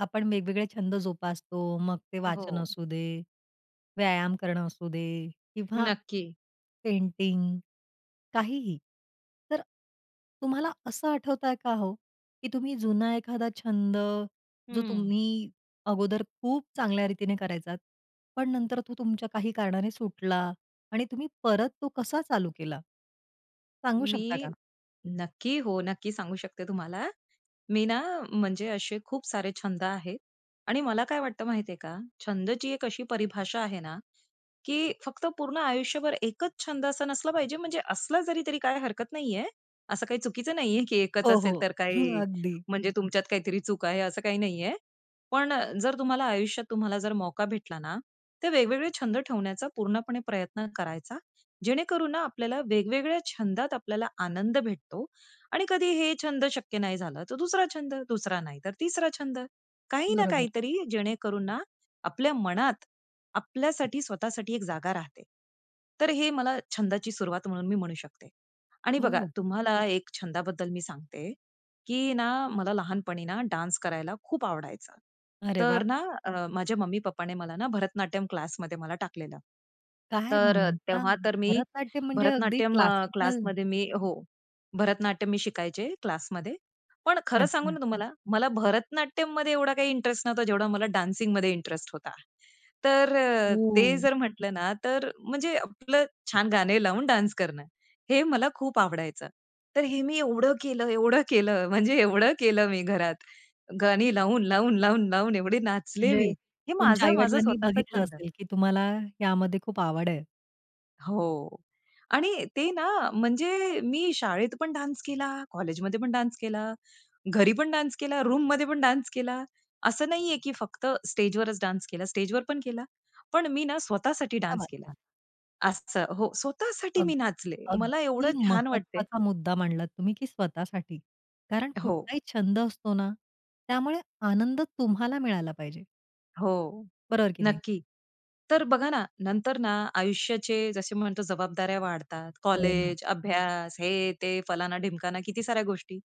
आपण वेगवेगळे छंद जोपासतो मग ते वाचन हो. असू दे, व्यायाम करणं असू दे किंवा नक्की. पेंटिंग काहीही. तर तुम्हाला असं आठवतंय का हो, की तुम्ही जुना एखादा छंद जो हं. तुम्ही अगोदर खूप चांगल्या रीतीने करायचात, पण नंतर तो तुमच्या काही कारणाने सुटला आणि तुम्ही परत तो कसा चालू केला? सांगू शकता मी का? नक्की, हो, नक्की सांगू शकते तुम्हाला. मी ना म्हणजे असे खूप सारे छंद आहेत आणि मला काय वाटत माहितीये का? छंदची एक अशी परिभाषा आहे ना, की फक्त पूर्ण आयुष्यभर एकच छंद असा नसला पाहिजे म्हणजे असला जरी तरी काय हरकत नाहीये. असं काही चुकीचं नाहीये की एकच हो, असेल हो. तर काय हं, अगदी. म्हणजे तुमच्यात काहीतरी चूक आहे असं काही नाहीये. पण अ, जर तुम्हाला आयुष्यात तुम्हाला जर मौका भेटला ना, तर वेगवेगळे छंद ठेवण्याचा पूर्णपणे प्रयत्न करायचा, जेणेकरून ना आपल्याला वेगवेगळ्या छंदात आपल्याला आनंद भेटतो आणि कधी हे छंद शक्य नाही झालं, तर दुसरा छंद. दुसरा नाही तर तिसरा छंद. काही ना बरोबर. काहीतरी जेणेकरून ना आपल्या मनात आपल्यासाठी स्वतःसाठी एक जागा राहते. तर हे मला छंदाची सुरुवात म्हणून मी म्हणू शकते. आणि हो, बघा हो. तुम्हाला एक छंदाबद्दल मी सांगते, की ना मला लहानपणीना डान्स करायला खूप आवडायचा. अरे तर वाह! ना अ, माझ्या मम्मी-पप्पाने मला ना भरतनाट्यम क्लासमध्ये मला टाकलेलं. काय तर अ, म्हणता! तेव्हा तर मी भरतनाट्यम म्हणजे अगदी भरतनाट्यम अ, क्लासिकल. क्लासमध्ये मी हो. भरतनाट्यम मी शिकायचे क्लासमध्ये, पण खरं सांगू अच्छा. ना तुम्हाला मला भरतनाट्यममध्ये एवढा काही इंटरेस्ट नव्हता जेवढा मला डान्सिंगमध्ये इंटरेस्ट होता. तर अ, ते ओह! जर म्हटलं ना, तर म्हणजे आपलं छान गाणे लावून डान्स करणं. हे मला खूप आवडायचं. तर हे मी एवढं केलं एवढं केलं म्हणजे एवढं केलं मी घरात. गाणी लावून, लावून, लावून, लावून एवढे नाचले म्हणजे मी हे तुमच्या माझं माझं आई-वडिलांनी स्वतःच बघितलं छंद आहे. असेल, की तुम्हाला यामध्ये खूप आवड आहे. हो आणि ते ना म्हणजे मी शाळेत पण डान्स केला, कॉलेजमध्ये पण डान्स केला, घरी पण डान्स केला, रूममध्ये पण डान्स केला. असं नाहीये की फक्त स्टेजवरच डान्स केला. स्टेजवर पण केला, पण मी ना स्वतः साठी क्या डान्स बात केला. है! असं हो, स्वतः साठी अग मी नाचले मला अगदी एवढं छान वाटतंय. महत्वाचा मुद्दा मांडलात तुम्ही, की स्वतःसाठी. कारण हो. कुठलाही छंद असतो ना, त्यामुळे आनंद तुम्हाला मिळायला पाहिजे. हो, बरोबर की नाही? नक्की. तर बघा ना, नंतर ना आयुष्याचे जसे म्हणतो जबाबदाऱ्या वाढतात. हो ना. कॉलेज, अभ्यास, हे, ते, फलाना, ढिमकाना, किती साऱ्या गोष्टी,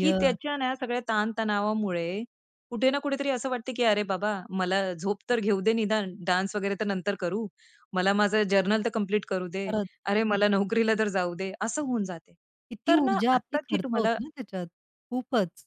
की त्याच्या ना सगळ्या ताणतणावामुळे कुठे ना कुठेतरी असं वाटतं, की "अरे बाबा मला झोप तर घेऊ दे निदान, डान्स वगैरे तर नंतर करू. मला माझं जर्नल तर कंप्लीट करू दे. खरंच. अरे मला नोकरीला तर जाऊ दे." असं होऊन जाते किती तर ना ऊर्जा आपली आत्ताची खर्च तुम्हाला होते ना त्याच्यात. खूपच.